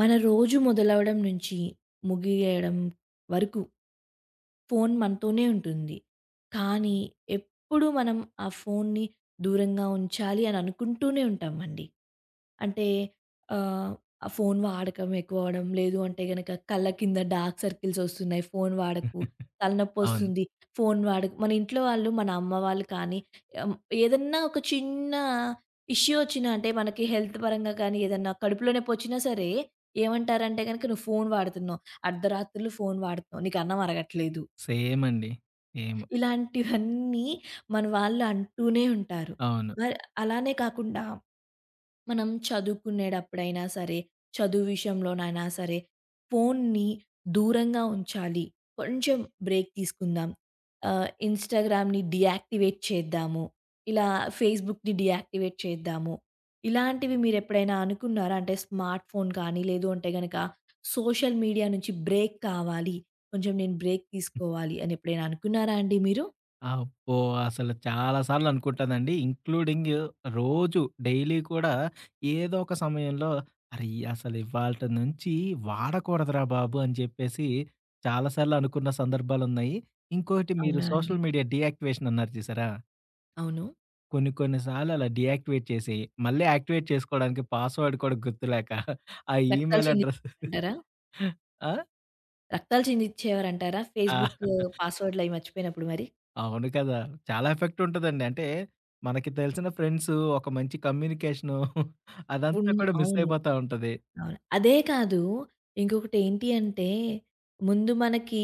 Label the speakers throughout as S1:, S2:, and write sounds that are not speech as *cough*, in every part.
S1: మన రోజు మొదలవడం నుంచి, ముగియేయడం వరకు ఫోను మనతోనే ఉంటుంది. కానీ ఎప్పుడూ మనం, ఆ ఫోన్ని దూరంగా ఉంచాలి అని అనుకుంటూనే ఉంటామండి. అంటే, ఆహ్, ఆ ఫోను వాడకం ఎక్కువవడం. లేదు అంటే గనక కళ్ళ కింద డార్క్ సర్కిల్స్ ఒస్తున్నాయి. ఫోను వాడకు,
S2: *chuckles* అవును.
S1: తలనొప్పొస్తుంది ఫోను వాడకు. మన ఇంట్లో వాళ్ళు మన అమ్మ వాళ్ళు కానీ, ఆహ్, ఏదన్నా ఒక చిన్నా ఇష్యూ వచ్చినా అంటే మనకి హెల్త్ పరంగా కానీ, ఏదన్నా కడుపులోనొప్పి వచ్చినా సరే, ఏమంటారంటే గనక, నువ్వు ఫోను వాడుతున్నావు, అర్ధరాత్రులు ఫోను వాాడుతున్నావు నీకన్నం అరగట్లేదు.
S2: సేమండి. సేము.
S1: ఇలాంటివన్నీ మన వాళ్ళు అంటూనే ఉంటారు.
S2: అవును.
S1: మరి అలానే కాకుండా, మనం చదువుకునేడప్పుడైనా సరే, చదువు విషయంలోనైనా సరే, ఫోన్ని దూరంగా ఉంచాలి. కొంచెం బ్రేక్ తీసుకుందాం, ఆహ్, ఇన్‌స్టాగ్రామ్‌ని డియాయాక్టివేట్ చేద్దాము, ఇలా ఫేస్‌బుక్‌ని డియాక్టివేట్ చేద్దాము ఇలాంటివి మీరు ఎప్పుడైనా అనుకున్నారా? అంటే స్మార్ట్ ఫోన్ కానీ, లేదు అంటే గనక, సోషల్ మీడియా నుంచి బ్రేక్ కావాలి. కొంచెం నేను బ్రేక్ తీసుకోవాలి అని ఎప్పుడైనా అనుకున్నారా అండి మీరు?
S2: అబ్బో! అసలు చాలా సార్లనుకుంటానండి. ఇన్‌క్లూడింగ్ రోజు డైలీ కూడా ఏదో ఒక సమయంలో అరే అసలు ఇవాళిటి నుంచి వాడకూడదురా బాబు అని చెప్పేసి, చాలా సార్లు అనుకున్న సందర్భాలున్నాయి. ఇంకోటి మీరు
S1: అవునా అండి!
S2: సోషల్ మీడియా డీయాక్టివేషన్ అన్నారు చూసారా?
S1: అవును.
S2: కొన్ని కొన్ని సార్లు అలా డీయాక్టివేట్ చేసి, మళ్ళీ యాక్టివేట్ చేసుకోవడానికి పాస్‌వర్డ్ కూడా గుర్తులేక, *giggles* ఆ
S1: రక్తాలు
S2: ఈమెయిల్ అడ్రస్ *chuckles*
S1: చిందిచ్చేవారంటారా?
S2: ఆ!
S1: రక్తాలు చిందిచ్చేవారంటారా?
S2: ఆ!
S1: ఫేస్‌బుక్కూ
S2: *chuckles*
S1: పాస్‌వర్డులయి మర్చిపోయినప్పుడు మరి?
S2: అవును కదా! చాలా ఎఫెక్టుంటదండి. అంటే, మనకి తెలిసిన ఫ్రెండ్స్ ఒక మంచి కమ్యూనికేషనూ *giggles* అదంతా
S1: ఉన్
S2: కూడా మిస్
S1: అవును.
S2: అయిపోతా ఉంటది.
S1: అవును. అదే కాదు. ఇంకొకటి ఏంటి అంటే, ముందు మనకి,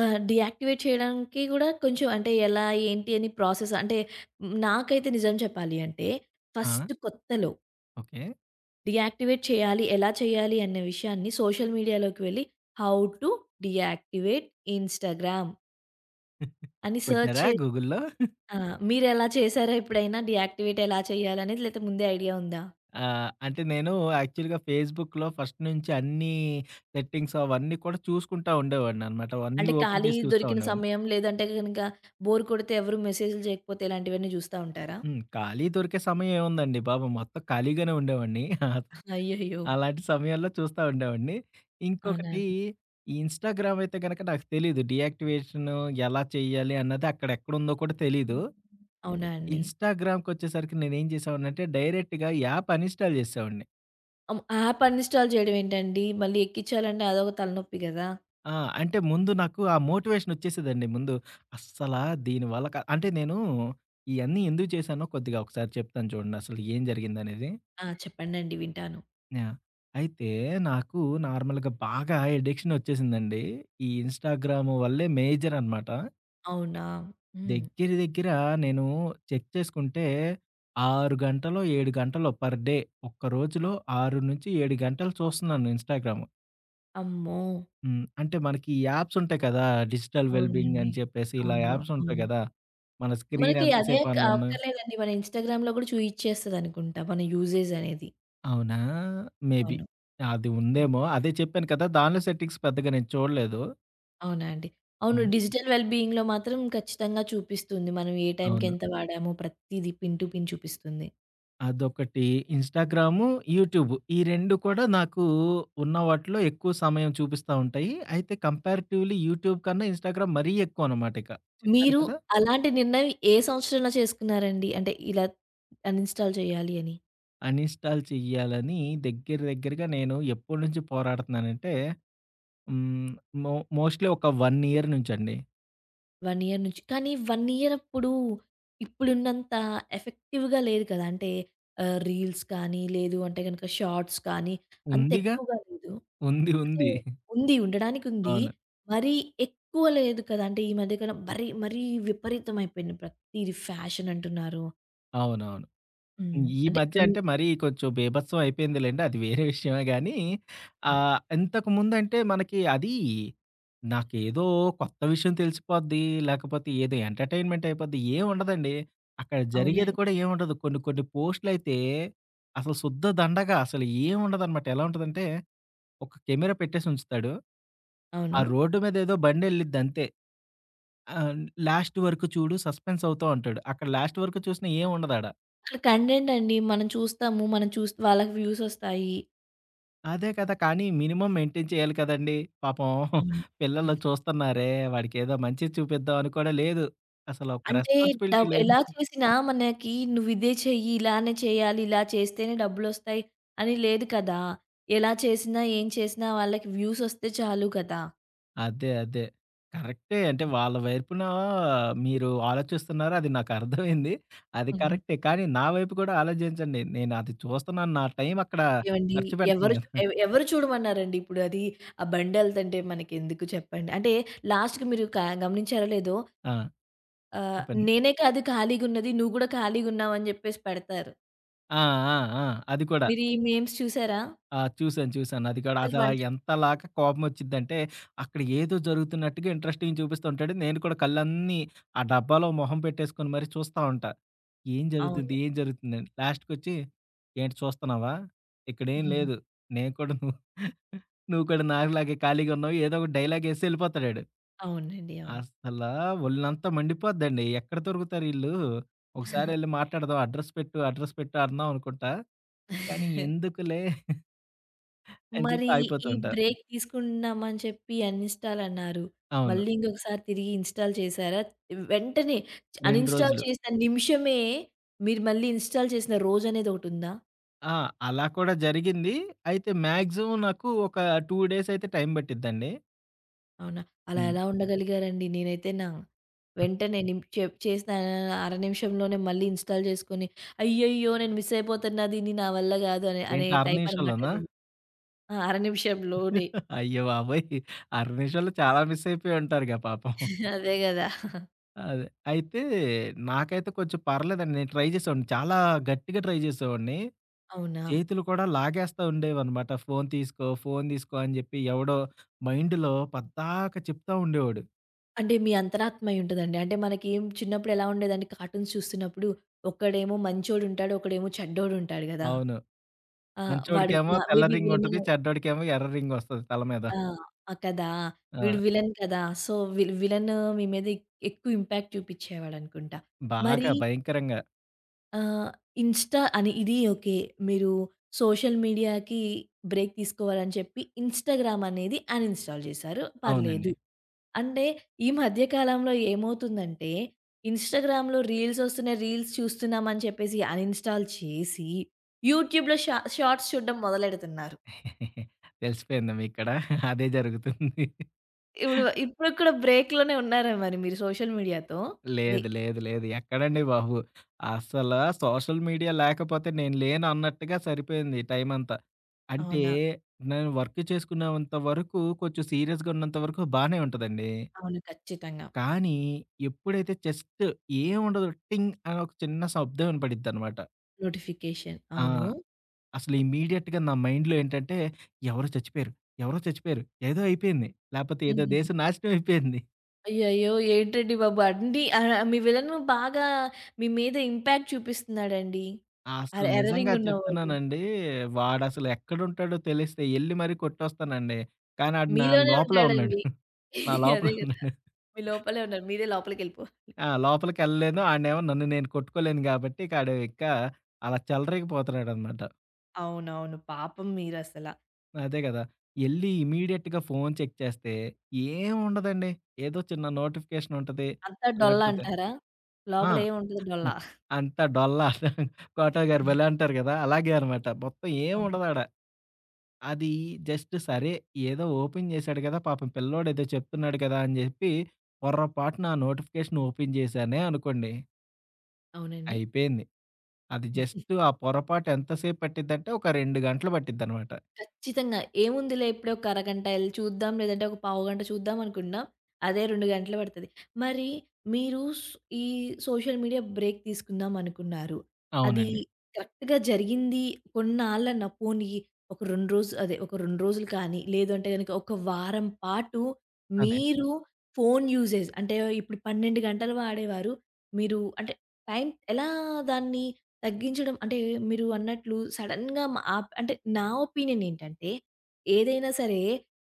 S1: ఆహ్, డియాక్టివేట్ చేయడానికి కూడా కొంచం అంటే, ఎలా ఏంటి అని ప్రాసెస్ అంటే, నాకైతే నిజం చెప్పాలి అంటే
S2: ఆ!
S1: ఫస్ట్ కొత్తలో...
S2: ఓకే.
S1: డీయాక్టివేట్ చేయాలి. ఎలా చేయాలి? అన్న విషయాన్ని సోషల్ మీడియాలోకి వెళ్ళి "హౌ టు డియాక్టివేట్ ఇన్‌స్టాగ్రామ్."
S2: *giggles*
S1: అని సెర్చ్
S2: కొట్నరా
S1: చే
S2: గూగుల్‌లో? *giggles*
S1: ఆ! మీరు ఎలా చేశారా ఎప్పుడైనా డియాక్టివేట్ ఎలా చేయాలి అనేది, లేతే ముందే ఐడియా ఉందా?
S2: ఆ! అంటే నేను యాక్చువల్‌గా ఫేస్‌బుక్‌లో ఫస్ట్ నుంచి అన్నీ, సెట్టింగ్స్ అవన్నీ కూడా చూసుకుంటా ఉండేవాడిననమాట. అవన్నీ
S1: అంటే,
S2: ఓపెన్
S1: ఖాళీ
S2: చేసి చూస్తా
S1: దొరికిన
S2: ఉండేవాడిని.
S1: సమయం లేదంటే గనుక, బోర్ కొడితే ఎవరూ మెసేజులు చేయకపోతే ఇలాంటివన్నీ జూస్తా ఉంటారా?
S2: హ్మ్. ఖాళీ దొరికే సమయేముందండి బాబు! మొత్తం ఖాళీగానే ఉండేవాడిని. *giggles*
S1: అయ్యయ్యో!
S2: అలాంటి సమయంలో చూస్తా ఉండేవాడిని.
S1: అవునా
S2: ఇంకొకటి,
S1: అండి!
S2: ఈ ఇన్‌స్టాగ్రామ్ అయితే గనక నాకు తెలీదు. డియాక్టివేషను ఎలా చేయాలి అన్నాదక్కడెక్కడుందో కూడా తెలీదు.
S1: అవునా అండి!
S2: ఇన్‌స్టాగ్రామ్‌కొచ్చేసరికి నేను ఏం చేసావాన్నంటే, డైరెక్ట్‌గా ఈ యాప్ అనిన్‌స్టాల్ చేసేసేవాడిని.
S1: ఆహ్, హ్మ్. యాప్ అన్‌ఇన్‌స్టాల్ జేయడం ఏంటండి? మళ్ళీ ఎక్కించాలంటే అదోక తలనొప్పి గదా!
S2: ఆ! అంటే ముందు నాకు ఆ మోటివేషనొచ్చేసేదండి ముందు. అస్సలా దీని వల్ల క అంటే నేను ఇయన్నీ ఎందుకు చేశానో కొద్దిగా ఒకసారి చెప్తాను చూడండి. అసలు ఏం జరిగిందనేది?
S1: ఆ! చెప్పండండి వింటాను.
S2: ఆ! అయితే నాకు నార్మల్‌గా బాగా అడిక్షనొచ్చేసిందండి. ఈ ఇన్‌స్టాగ్రాము వల్లే మేజరనమాట.
S1: అవునా! హ్మ్.
S2: దెగ్గర దెగ్గర నేను చెక్ చేసుకుంటే, 6 గంటలో, 7 గంటలో పర్ డే ఒక్క రోజులో 6-7 గంటలు చూస్తున్నాను ఇన్‌‌స్టాగ్రాము.
S1: అమ్మో!
S2: హ్మ్. అంటే మనకి యాప్సుంటాయి కదా! డిజిటల్ వెల్బింగ్
S1: అవునండి.
S2: అని చెప్పేసి ఇలా
S1: అవును.
S2: యాప్సుంటాయి ఉంటాయి
S1: అవును.
S2: గదా! మన స్క్రీన్
S1: మనకి అదే
S2: ఎంతసేపు
S1: క
S2: ఆన్ ఉన్న
S1: అక్కర్లేదండి. మన ఇన్‌స్టాగ్రామ్‌లో గూడా చూయిచ్చేస్తదనుకుంటా మన యూజెజ్ అనేది.
S2: అవునా? మేబీ.
S1: అవును.
S2: అది
S1: హ్మ్.
S2: ఉందేమో. అదే చెప్పాను కదా! దానిలో సెట్టింగ్స్ పెద్దగా నేను చూడలేదు.
S1: అవునా అండి. అవును
S2: హ్మ్.
S1: డిజిటల్ వెల్ బీయింగ్‌లో మాత్రం ఖచ్చితంగా చూపిస్తుంది. మనం ఏ టైంకి
S2: అవును.
S1: ఎంత వాడామో ప్రతీద పిన్ టు పిన్ చూపిస్తుంది.
S2: అదొకటి ఇన్‌స్టాగ్రాము, యూట్యూబు ఈ 2 కూడా నాకు ఉన్న వాటిలో ఎక్కువ సమయం చూపిస్తా ఉంటాయి. అయితే కంపారిటివ్‌లి యూట్యూబ్ కన్నా ఇన్‌స్టాగ్రామ్ మరీ ఎక్కువనమాట ఇక చెప్పాను
S1: మీరు
S2: కదా!
S1: అలాంటి నిర్ణయం ఏ సంవత్సరంలో చేసుకున్నారండి? అంటే ఇలా అన్‌ఇన్‌స్టాల్ జేయాలి అని.
S2: అన్‌ఇన్‌స్టాల్ చేయ్యాలని దగ్గర దగ్గరగా నేను ఎప్పడు నుంచి పోరాడుతున్నానంటే, హ్మ్, మో మోస్ట్‌ల్లీ ఒక 1 ఇయర్ నుంచండి.
S1: 1 ఇయర్ నుంచి. కానీ ఇయర్ అప్పుడు ఇప్పుడున్నంత ఎఫెక్టివ్‌గా లేదు కదా! అంటే ఆహ్, రీల్స్ కానీ, లేదు అంటే గనుక షార్ట్స్ కానీ అంత
S2: ఉందిగా.
S1: ఎక్కువగా లేదు.
S2: *chuckles* ఉంది
S1: అంటే,
S2: ఉంది.
S1: ఉంది ఉండడానికుంది.
S2: అవును.
S1: మరీ ఎక్కువ లేదు కదా! అంటే ఈ మధ్యకన్నా మరి, మరీ విపరీతమైపోయింది. ప్రతీది ఫ్యాషన్ అంటున్నారు.
S2: అవునవును.
S1: హ్మ్.
S2: ఈ
S1: అంటే
S2: మధ్య
S1: హ్మ్.
S2: అంటే మరీ కొంచెం బీభత్సం అయిపోయిందిలెండి. అది వేరే విషయమే గానీ.
S1: హ్మ్.
S2: ఆహ్, ఇంతకుముందంటే మనకి అది, నాకేదో కొత్త విషయం తెలిసిపోద్ది, లేకపోతే ఏదో ఎంటర్టైన్మెంట్ అయిపోద్ది ఏమి ఉండదండి. అక్కడ
S1: అవునా
S2: జరిగేది
S1: అండి.
S2: కూడా ఏముండదు. కొన్ని కొన్ని పోస్టులయితే, అసలు శుద్ధ దండగా అసలు ఏం ఉండదనమాట ఎలా ఉంటదంటే, ఒక కెమెరా పెట్టేసి ఉంచుతాడు, ఆ
S1: అవును.
S2: రోడ్డు మీద ఏదో బండి వెళ్ళిద్ది అంతే. ఆహ్, లాస్ట్ వరకు చూడు సస్పెన్స్ అవుతావంటాడు. అక్కడ లాస్ట్ వరకు చూసినా ఏముండదాడ.
S1: అక్కడ కంటెట్ అండి. మనం చూస్తాము. మనం చూస్ వాళ్ళకి వ్యూస్ ఒస్తాయి.
S2: అదే కదా! కానీ, మినిమమ్ మెయింటైన్ చేయాలి కదండి! పాపం
S1: అవును.
S2: *giggles* పిల్లలు
S1: హ్మ్.
S2: చూస్తున్నారే! వాడికేదో మంచిది చూపిద్దాం అని కూడా లేదు. అసలు ఒక
S1: అంటే
S2: రెస్పాన్సిబిలిటీ
S1: డబ్
S2: లేదు.
S1: ఎలా చూసినా మనకి నువ్విదే చెయ్యి, ఇలానే చేయ్యాలి, ఇలా చేస్తేనే డబ్బులొస్తాయి అని లేదు కదా! ఎలా చేసినా, ఏం చేసినా, వాళ్ళకి వ్యూస్ ఒస్తే చాలు గదా!
S2: అదే, అదే. కరెక్టే. అంటే,
S1: హ్మ్.
S2: వాళ్ళ వైపున మీరు ఆలోచిస్తున్నారు అది నాకర్థమైంది. అది
S1: హ్మ్.
S2: కరెక్టే. కానీ, నా వైపు కూడా ఆలోజించండి. నేను అది చూస్తున్నాను. నా టైం అక్కడ
S1: ఏవండి,
S2: ఖర్చుపెడతాను
S1: ఎవరు చ
S2: కదా!
S1: ఎవ ఎవరు చూడమన్నారండి ఇప్పుడు అది? ఆ బండెళ్తంటే మనకెందుకు చెప్పండి? అంటే లాస్ట్‌కి మీరు క గమనించారో లేదో
S2: ఆ!
S1: ఆ!
S2: చెప్పండి.
S1: నేనే కాదు ఖాళీగున్నది. నువ్వు కూడా ఖాళీగున్నావు అని జెప్పేసి పెడతారు.
S2: ఆ! ఆ! ఆ! అది కూడా.
S1: మీరీ మేమ్స్ చూసారా?
S2: ఆ! చూశాను, చూశాను. అది కూడా
S1: వాళ్ళు
S2: అసల
S1: వంట
S2: ఎంతలాగా కోపమోచ్చిద్దంటే, అక్కడ ఏదో జరుగుతున్నట్టుగా ఇంట్రెస్టింగ్ చూపిసస్తుంటాడు. నేను కూడా కళ్ళన్నీ ఆ డబ్బాలో మొహం పెట్టేసుకొని మరి చూస్తా ఉంటా. ఏం జరుగుతుంది?
S1: అవును.
S2: ఏం జరుగుతుందని? లాస్ట్‌కొచ్చి ఏంటి చూస్తన్నావా? ఇక్కడేం
S1: *giggles*
S2: లేదు. నేను కూడా నువ్వు *chuckles* నువ్వు కూడా నాకులాగే ఖాళీగున్నావు ఏదో ఒకటి డైలాగేసి ఎళ్ళిపోతడాడు.
S1: అవునండి. అవును.
S2: అస్సలా ఒళ్ళంతా మండిపోద్దండి. ఎక్కడ దొరుకుతారీళ్ళు?
S1: *giggles*
S2: ఒకసారెళ్ళి మాట్లాడదాం అడ్రస్ పెట్టు అడ్రస్ పెట్టు అందాం అనుకుంటా. కానీ,
S1: *giggles*
S2: ఎందుకులే... *chuckles* అని జెప్పి
S1: మరి
S2: ఆగిపోతూ
S1: ఈ
S2: ఉంటా.
S1: బ్రేక్ తీసుకున్నామని చెప్పి అన్ని అన్‌ఇన్‌స్టాలన్నారు.
S2: అవును.
S1: మళ్ళీ ఇంకొకసారి తిరిగి ఇన్‌స్టాల్ చేశారా? వెంటనే
S2: 2
S1: అన్‌ఇన్‌స్టాల్
S2: రోజులు.
S1: చేసిన నిమిషమే మీరు మళ్ళీ ఇన్‌స్టాల్ చేసిన రోజనేదొకటుందా?
S2: ఆ! అలా కూడా జరిగింది. అయితే మ్యాక్సిమమ్ నాకు ఒక 2 డేస్ అయితే టైం పట్టిద్దండి.
S1: అవునా. అలా
S2: హ్మ్.
S1: ఎలా ఉండగలిగారండి? నేనైతేనా,
S2: ఆ!
S1: వెంటనే నిం చెప్ చేసిన అ అర నిమిషంలోనే మళ్ళీ ఇన్‌స్టాల్ చేసుకొని అయ్యయ్యో! నేను మిస్ అయిపోతన్న దీన్ని నా వల్ల కాదు అని అనే
S2: ఏంటి అర
S1: టైప్ అనమాట
S2: నిమిషంలోనా?
S1: నేను. ఆ! అర నిమిషం‌లోనే.
S2: అయ్యబాబోయ్! అర నిమిషం‌లో చాలా మిసయిపోయి ఉంటారుగా పాపం.
S1: అదే కదా!
S2: అదే. అయితే నాకైతే కొంచెం పర్లేదండి నేను ట్రై చేసేవాడిని. చాలా గట్టిగా ట్రై చేసేవాడిని.
S1: అవునా!
S2: చేతులు కూడా లాగేస్తా ఉండేవాడన్నమాట. ఫోను తీసుకో, ఫోను తీసుకో అని చెప్పి ఎవడో మైండ్‌లో పద్దాకా చెప్తా ఉండేవాడు.
S1: అంటే మీ అంతరాత్మ అయ్యి ఉంటదండి. అంటే మనకి చిన్నప్పుడు ఎలా ఉండేదండి కార్టూన్స్ చూస్తున్నప్పుడు ఒకడేమో మంచోడు ఉంటాడు, ఒకడేమో చెడ్డోడు ఉంటాడు గదా!
S2: అవును.
S1: ఆ! వాడు
S2: మంచోడికేమో
S1: మా మే
S2: తెల్ల
S1: బీ
S2: రింగ్ ఉంటది.
S1: విల్‌వినై
S2: చెడ్డోడికేమో ఎర్ర రింగోస్తది తల మీద.
S1: ఆ! ఆ! కదా!
S2: ఆ!
S1: వీడు విలన్ కదా! సో, వి విలను మీ మీద ఎక్కువ ఇంపాక్ట్ చూపించేవాడనుకుంటా.
S2: బాగా
S1: మరీ
S2: భయంకరంగా.
S1: ఆహ్, ఇన్‌స్టా అని ఇది ఓకే. మీరు సోషల్ మీడియాకి బ్రేక్ తీసుకోవాలని చెప్పి ఇన్‌స్టాగ్రామ్‌ అనేది అన్‌ఇన్‌స్టాల్ చేశారు. పర్లేదు.
S2: అవునండి.
S1: అంటే ఈ మధ్య కాలంలో ఏమవుతుందంటే, ఇన్‌స్టాగ్రామ్‌లో రీల్స్ వస్తున్నాయి రీల్స్ చూస్తున్నామని చెప్పేసి అన్‌ఇన్‌స్టాల్ చేసి, యూట్యూబ్‌లో షా షార్ట్స్ చూడడం మొదలెడుతున్నారు.
S2: *chuckles* తెలిసిపోయిందా, మీకు కూడా అదే జరుగుతుంది.
S1: ఇప్పుడు, ఇప్పుడు కూడా బ్రేక్‌లోనే ఉన్నారా మరి మీరు సోషల్ మీడియాతో అది.
S2: లేదు. లేదు. లేదు. ఎక్కడండి బాబు. అస్సల సోషల్ మీడియా లేకపోతే నేను లేను అన్నట్టుగా సరిపోయింది టైమంతా. అంటే
S1: అవునా!
S2: నేను వర్క్ చేసుకున్నంత వరకు కొంచెం సీరియస్‌గున్నంత వరకు బానే ఉంటదండి.
S1: అవును ఖచ్చితంగా.
S2: కానీ ఎప్పుడైతే జస్టు ఏముండదు టింగ్ అని ఒక చిన్న శబ్దం వినపడిద్దనమాట.
S1: నోటిఫికేషన్.
S2: ఆ!
S1: అవును.
S2: అసలు ఇమీడియట్‌గా నా మైండ్‌లో ఏంటంటే ఎవరో చచ్చిపోయారు, ఎవరో చచ్చిపోయారు. ఏదో అయిపోయింది. లేపోతే ఏదో
S1: హుహు.
S2: దేశం నాశనం అయిపోయింది.
S1: అయ్యయ్యో! ఏంటండి బాబు! అండి ఆ మీ విలను బాగా మీ మీద ఇంపాక్ట్ చూపిస్తున్నాడండి. అర
S2: అసలు నిజంగా
S1: ఎర్రరింగ్ ఉన్నవొళ్ళు.
S2: చెప్తున్నానండి వాాడసలెక్కడుంటాడో తెలిస్తే ఎళ్లి మరి కొట్టొస్తానండి. కానీ ఆడ్ నా
S1: మీలోనే
S2: లోపలే ఉన్నాడు.
S1: ఉంటాడండి.
S2: నా
S1: *chuckles* అదే
S2: లోపలే
S1: గదా!
S2: ఉన్నాడు.
S1: మీ లోపలే ఉన్నారు. మీరే లోపలికెళ్ళిపోవలి. *giggles*
S2: ఆ! లోపలికెళ్ళలేను. ఆడనేమో నన్ను నేను కొట్టుకోలేను గాబట్టి ఇకాడు ఇక అలా చెలరేగిపోతున్నాడనమాట.
S1: అవునవును. పాపం మీరసల.
S2: అదే గదా! ఎళ్లి ఇమీ‌డియేట్‌గా ఫోన్ చెక్ చేస్తే ఏం ఉండదండి? ఏదో చిన్న నోటిఫికేషన్ ఉంటది.
S1: అంతా
S2: లేకపోతే.
S1: డొల్లంటారా?
S2: ఆ!
S1: లోపల ఏమి ఉంటది డొల్ల.
S2: *giggles* అంతా డొల్ల *chuckles* 'కోటా'
S1: ఆ!
S2: గారు భలే అంటారు గదా! అలాగే అనమాట. మొత్తం ఏం
S1: అవును.
S2: ఉండదాడ. అది జస్ట్ సరే ఏదో ఓపెన్ జేశాడు గదా! పాపం పిల్లోడేదో చెప్తున్నాడు గదా! అని జెప్పి, పొర పాటునా నోటిఫికేషన్ ఓపెన్ చేశానే అనుకోండి.
S1: అవునండి.
S2: అయిపోయింది. అది జస్ట్ ఆ
S1: *giggles*
S2: పొరపాటు ఎంతసేపు పట్టిద్దంటే ఒక 2 గంటలు పట్టిద్దనమాట.
S1: ఖచ్చితంగా. ఏముందిలే ఎప్పుడే ఒక అరగంట ఎళ్లి చూద్దాం లేదంటే ఒక పావు గంట చూద్దాం అనుకున్నా అదే 2 గంటలు పడతది. మరి మీరు సు ఈ సోషల్ మీడియా బ్రేక్ తీసుకుందాం అనుకున్నారు? అది
S2: అవునండి.
S1: కరెక్ట్‌గా జరిగింది కొన్నాళ్ళన్న, పోనీ ఒక 2 రోజులు, అదే ఒక 2 రోజులు కానీ లేదు అంటే గనక ఒక వారం పాటు
S2: అదే.
S1: మీరు ఫోను యూజేజ్ అంటే ఇప్పుడు 12 గంటలు వాడేవారు, మీరు అంటే, టైం ఎలా దాన్ని తగ్గించడం అంటే మీరు అన్నట్లు సడెన్‌గా మా ఆప్ అంటే నా ఒపీనియన్ ఏంటంటే ఏదైనా సరే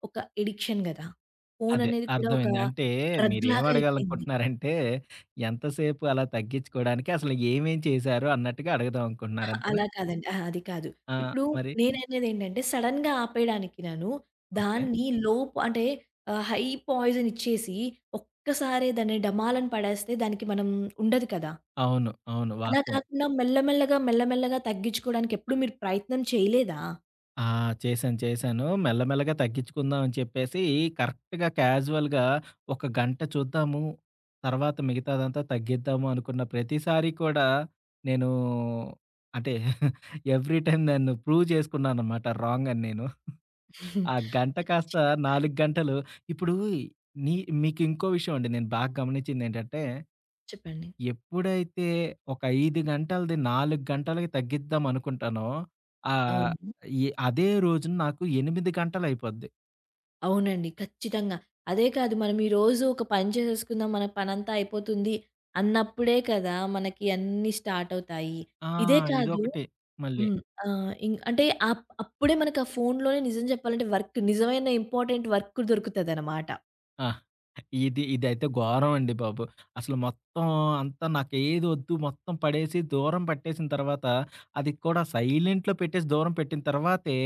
S1: ఒక ఎడిక్షన్ గదా! ఫోను
S2: అదే
S1: అనేది కూడా ఒక
S2: అర్థమైంది. అంటే,
S1: డ్రగ్
S2: మీరేం
S1: లాగ అయిపోయింది.
S2: అడగాలనుకుంటున్నారంటే ఎంతసేపు అలా తగ్గిచ్చుకోడానికి అసల ఏమేం చేశారు? అన్నట్టుగా అడగుదాం
S1: ఆ!
S2: అనుకుంటున్నారు అంతేనా?
S1: అలా కాదండి. ఆహ! అది కాదు.
S2: ఆ!
S1: ఇప్పుడు
S2: మరి?
S1: నేననేదేంటంటే సడెన్‌గా ఆపేయడానికి నను
S2: ఓకే.
S1: దాన్ని లోప్ అంటే ఆహ్, హై పాయిజన్ ఇచ్చేసి ఒక్కసారే దాన్ని డమాలని పడేస్తే దానికి మనం ఉండదు కదా!
S2: అవును. అవును.
S1: అలా
S2: వాస్తవం.
S1: కాకుండా మెల్ల మెల్లగా మెల్ల మెల్లగా తగ్గించుకోడానికి ఎప్పుడు మీరు ప్రయత్నం చేయలేదా?
S2: ఆ! చేశాను, చేశాను. మెల్ల మెల్లగా తగ్గించుకుందాం అని చెప్పేసి, కరెక్ట్‌గా క్యాజువల్‌గా ఒక గంట చూద్దాము. తర్వాత మిగతాదంతా తగ్గిద్దాము అనుకున్న ప్రతిసారి కూడా నేను అంటే, *chuckles* ఎవ్రీ టైమ్ నన్ను ప్రూవ్ చేసుకున్నాననమాట రాంగ్ అని నేను. *chuckles* ఆ
S1: *giggles*
S2: గంట కాస్త
S1: ఖచ్చితంగా.
S2: 4 గంటలు, ఇప్పుడు నీ మీకింకో విషయం అండి. నేను బాగా గమనించిందేటంటే,
S1: చెప్పండి.
S2: ఎప్పుడైతే ఒక 5 గంటలది 4 గంటలకి తగ్గిద్దాం అనుకుంటానో, ఆహ్,
S1: అవును.
S2: ఎ అదే రోజున నాకు 8 గంటలయిపోద్ది.
S1: అవునండి. ఖచ్చితంగా. అదే కాదు, మనం ఈరోజు ఒక పని చేసేసుకుందాం. మన పనంతా అయిపోతుంది అన్నప్పుడే కదా! మనకి అన్నీ స్టార్ట్ అవుతాయి.
S2: ఆ!
S1: ఇదే కాదు,
S2: ఇదొకటి మళ్ళీ.
S1: హ్మ్. ఆహ్, ఇం అంటే అప్ అప్పుడే మనకు ఆ ఫోనులోనే నిజం చెప్పాలంటే, వర్క్ నిజమైన ఇంపార్టెంట్ వర్క్ కూడా దొరుకుతదనమాట.
S2: ఆ! ఇది, ఇదైతే ఘోరం అండి బాబు. అసలు మొత్తం అంతా నాకేది వద్దు మొత్తం పడేసి, దూరం పట్టేసిన తర్వాత, అది కూడా సైలెంట్‌లో పెట్టేసి దూరం పెట్టిన తర్వాతే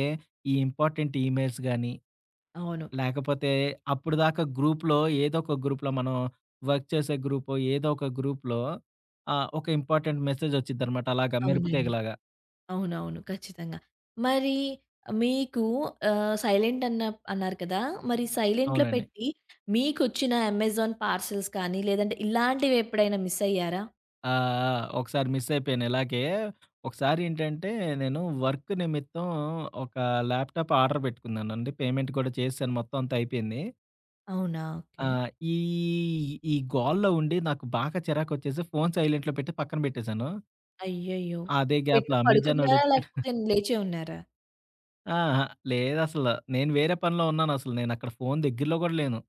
S2: ఈ ఇంపార్టెంట్ ఈ మెయిల్స్ గాని,
S1: అవును.
S2: లేకపోతే అప్పడుదాకా గ్రూప్‌లో ఏదో ఒక గ్రూప్‌లో మనం వర్క్ చేసే గ్రూపో, ఏదో ఒక గ్రూప్‌లో ఆహ్, ఒక ఇంపార్టెంట్ మెసేజ్ ఒచ్చిద్దనమాట, అలాగా మెరుపు
S1: అవునండి.
S2: తీగలాగా.
S1: అవునవును. ఖచ్చితంగా. మరి మీకు ఆహ్, సైలెంట్ అన్న అన్నారు కదా! మరి సైలెంట్‌లో
S2: అవునండి.
S1: పెట్టి, మీకొచ్చిన అమెజాన్ పార్సల్స్ కానీ, లేదంటే ఇలాంటివెప్పుడైనా మిస్ అయ్యారా?
S2: ఆ! ఆ! ఒకసారి మిసయిపోయాను ఇలాగే. ఒకసారి ఏంటంటే నేను వర్క్ నిమిత్తం ఒక ల్యాప్‌టాప్ ఆర్డర్ పెట్టుకున్నానండి పేమెంట్ కూడా చేసాను మొత్తం అంతా అయిపోయింది.
S1: అవునా
S2: ఆ!
S1: ఓకే.
S2: ఈ ఈ గోల్లో ఉండి నాకు బాగా చిరాకొచ్చేసి ఫోను సైలెంట్‌లో పెట్టి పక్కన పెట్టేశాను.
S1: అయ్యయ్యో!
S2: అదే
S1: పెట్టి
S2: గ్యాప్‌లో
S1: పడుకున్నారా?
S2: అమేజానొడొచ్చాడు. *giggles*
S1: లేకపోతే లేచే ఉన్నారా?
S2: అహా! లేదసలు. నేను వేరే పనిలో ఉన్నాను అసలు నేను అక్కడ ఫోను దగ్గరలో గూడా లేను.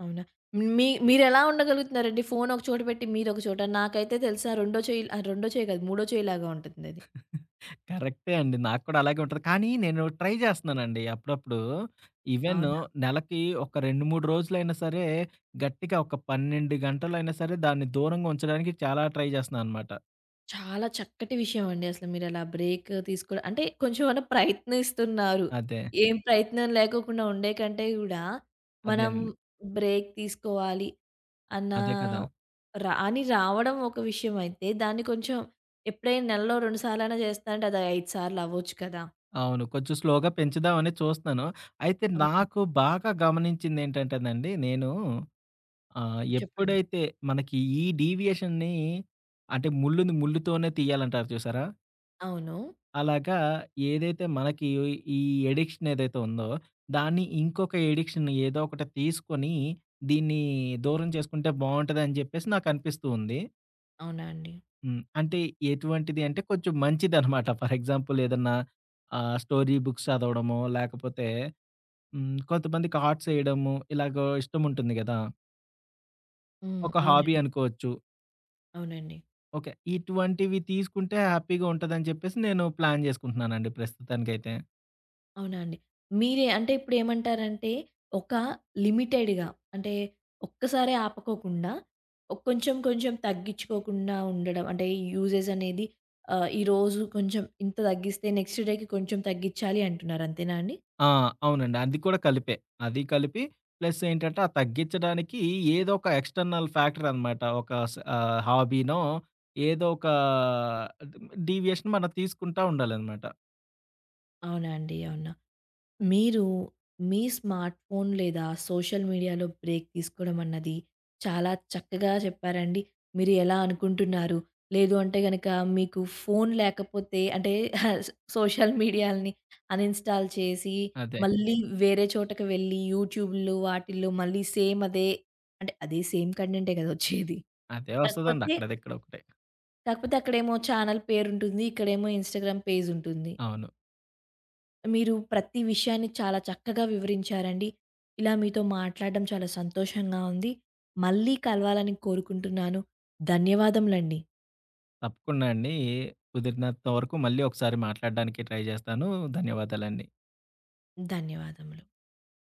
S1: అవునా? మీ మీరు ఎలా ఉండగలుగుతున్నారండి? ఫోను ఒక చోట పెట్టి మీరొక చోట నాకైతే తెలుసా రెండో చేయి అహ! రెండో చేయ గాదు, మూడో చేయలాగా ఉంటుంది అది.
S2: *chuckles* కరెక్టే అండి. నాకు కూడా అలాగే ఉంటది. కానీ, నేను ట్రై జేస్తున్నానండి. అప్పుడప్పుడు ఈవెను
S1: అవునా.
S2: నెలకి ఒక 2, 3 రోజులైనా సరే గట్టిగా ఒక 12 గంటలైనా సరే దాన్ని దూరంగా ఉంచడానికి చాలా ట్రై జేస్తున్నా అనమాట.
S1: చాలా చక్కటి విషయం అండి అసల మీరలా బ్రేక్ తీసుకో అంటే, కొంచెమన్నా ప్రయత్నిస్తున్నారు.
S2: అదే.
S1: ఏం ప్రయత్నం లేకోకుండా ఉండేకంటే గూడా, మనం
S2: అదేనండి.
S1: బ్రేక్ తీసుకోవాలి. అన్నా
S2: అదే కదా!
S1: రా అని రావడం ఒక విషయం అయితే దాన్ని కొంచెం ఎప్పుడైనా నెలలో 2 సార్లు అయినా జేస్తానంటే అదొ 5 సార్లు అవ్వచ్చు కదా!
S2: అవును. కొంచెం స్లోగా పెంచుదామని చూస్తున్నాను. అయితే,
S1: అవునండి.
S2: నాకు బాగా గమనించిందేంటంటేనండి నేను ఆహ్,
S1: చెప్పండి.
S2: ఎప్పుడైతే మనకి ఈ డీవియేషన్ని అంటే, ముళ్ళుని ముళ్లుతోనే తీయాలంటారు చూసారా?
S1: అవును.
S2: అలాగా ఏదైతే మనకి ఈ అడిక్షన్ ఏదైతే ఉందో, దాన్ని ఇంకొక అడిక్షన్ ఏదో ఒకటి తీసుకొని, దీన్ని దూరం చేసుకుంటే, బావుంటదని చెప్పేసి నాకనిపిస్తూ ఉంది.
S1: అవునా అండి?
S2: హ్మ్. అంటే ఎటువంటిది అంటే, కొంచెం మంచిదనమాట. ఫర్ ఎగ్జాంపుల్ ఏదన్నా, ఆహ్, స్టోరీ బుక్స్ చదవడమో, లేకపోతే, హ్మ్, కొంతమందికి ఆర్ట్స్ ఏయడము ఇలాగా ఇష్టం ఉంటుంది కదా!
S1: హ్మ్.
S2: ఒక హాబీ
S1: అవునండి.
S2: అనుకోవచ్చు.
S1: అవునండి.
S2: ఓకే. ఇటువంటివి తీసుకుంటే హ్యాపీగా ఉంటదని చెప్పేసి నేను ప్లాన్ చేసుకుంటున్నానండి ప్రస్తుతానికైతే.
S1: అవునా అండి? మీరే అంటే ఇప్పుడేమంటారంటే, ఒక లిమిటెడ్‌గా అంటే, ఒక్కసారే ఆపకోకుండా, కొంచెం కొంచెం తగ్గించుకోకుండా ఉండడం, అంటే యూజెస్ అనేది ఆహ్, ఈరోజు కొంచెం ఇంత తగ్గిస్తే నెక్స్ట్ డేకి కొంచెం తగ్గించాలి అంటున్నారు, అంతేనా అండి?
S2: ఆ! అవునండి. అది కూడా కలిపే. అది కలిపి, ప్లస్ ఏంటంటే, ఆ తగ్గించడానికి ఏదోక ఎక్స్‌టర్నల్ ఫ్యాక్టర్ అనమాట ఒక స్ ఆహ్, హాబీనో ఏదోక డీ డీవియేషన్ మనం తీసుకుంటా ఉండాలనమాట.
S1: అవునా అండి? అవునా? మీరు మీ స్మార్ట్ ఫోన్ లేదా సోషల్ మీడియాలో బ్రేక్ తీసుకోవడం అన్నది, చాలా చక్కగా చెప్పారండి. మీరు ఎలా అనుకుంటున్నారు, లేదు అంటే గనుక మీకు ఫోను లేకపోతే అంటే ఆహ్, స సోషల్ మీడియాలని అన్‌ఇన్‌స్టాల్ చేసి,
S2: అదే.
S1: మళ్ళీ వేరే చోటకి వెళ్ళి, యూట్యూబుల్లో వాటిల్లో మళ్ళీ సేమ్ అదే, అంటే అదే సేమ్ కంటెంటే కదా వచ్చేది!
S2: అదే వస్తదండి
S1: కాకపోతే...
S2: అక్కడదిక్కడ ఒకటే.
S1: కాకపోతే అక్కడేమో ఛానెల్ పేరుంటుంది. ఇక్కడేమో ఇన్‌స్టాగ్రామ్ పేజ్ ఉంటుంది.
S2: అవును.
S1: మీరు ప్రతి విషయాన్ని చాలా చక్కగా వివరించారండి. ఇలా మీతో మాట్లాడడం చాలా సంతోషంగా ఉంది. మళ్ళీ కలవాలని కోరుకుంటున్నాను. ధన్యవాదములండి.
S2: తప్పకుండా అండి. కుదిరినంత వరకు మళ్ళీ ఒకసారి మాట్లాడడాననికి ట్రై జేస్తాను. ధన్యవాదాలండి.
S1: ధన్యవాదములు.